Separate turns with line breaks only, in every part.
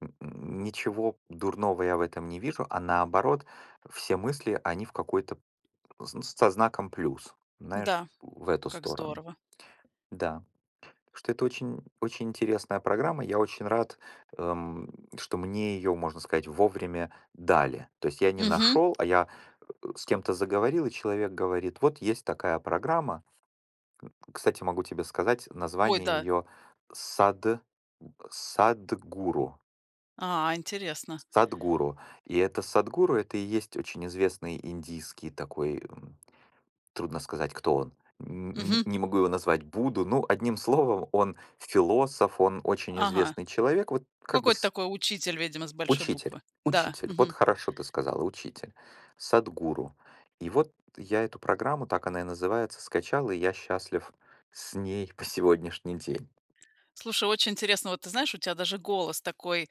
М, н ничего дурного я в этом не вижу, а, наоборот, все мысли, они в какой-то п с со знаком плюс, знаешь, ф
Да,
в эту
как
сторону.
здорово.
Да. Что это очень, м, очень интересная программа. Я очень рад, э, м, что мне её, можно сказать, вовремя дали. То есть я не
Мгм.
нашёл, а, я, э, с кем-то заговорил, и человек говорит: вот есть такая программа. М, кстати, могу тебе сказать
Ой,
название
да.
её: Сад э, Садхгуру.
А, интересно.
С Садхгуру. И, это Садхгуру, это и есть очень известный индийский такой, м, трудно сказать, кто он, н н
Мгм.
не могу его назвать, будду. Ну, одним словом, он философ, он очень
Ага.
известный человек, вот, как бы,
Какой-то
с
такой учитель, видимо, с большой
Учитель,
буквы. Да.
учитель. Вот
Мгм.
хорошо ты сказала, учитель. Садхгуру. И вот, я эту программу- так она и называется- скачал, и я счастлив с ней по сегодняшний день.
Слушай, очень интересно. Вот ты знаешь, у тебя даже голос такой,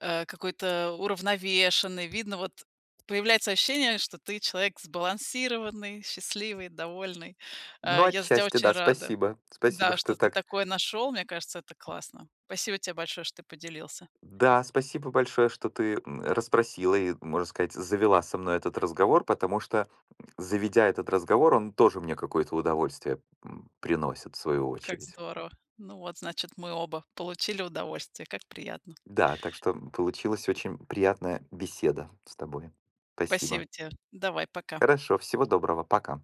э, какой-то уравновешенный. Видно, вот, появляется ощущение, что ты- человек сбалансированный, счастливый, довольный.
Ну,
А, я за тебя
отчасти,
очень
да,
рада.
спасибо, спасибо,
Да,
что
что ты
так т
такое нашёл, мне кажется, это классно. Спасибо тебе большое, что ты поделился.
Да, спасибо большое, что ты, м, расспросила и, можно сказать, завела со мной этот разговор, потому что, м, заведя этот разговор, он тоже мне какое-то удовольствие, м, приносит, в свою
Как
очередь.
здорово. Ну вот, значит, мы оба получили удовольствие. Как приятно.
Да, так что, м, получилась очень приятная беседа с тобой.
Спасибо
Спасибо.
тебе. Давай, пока!
Хорошо, всего доброго. Пока.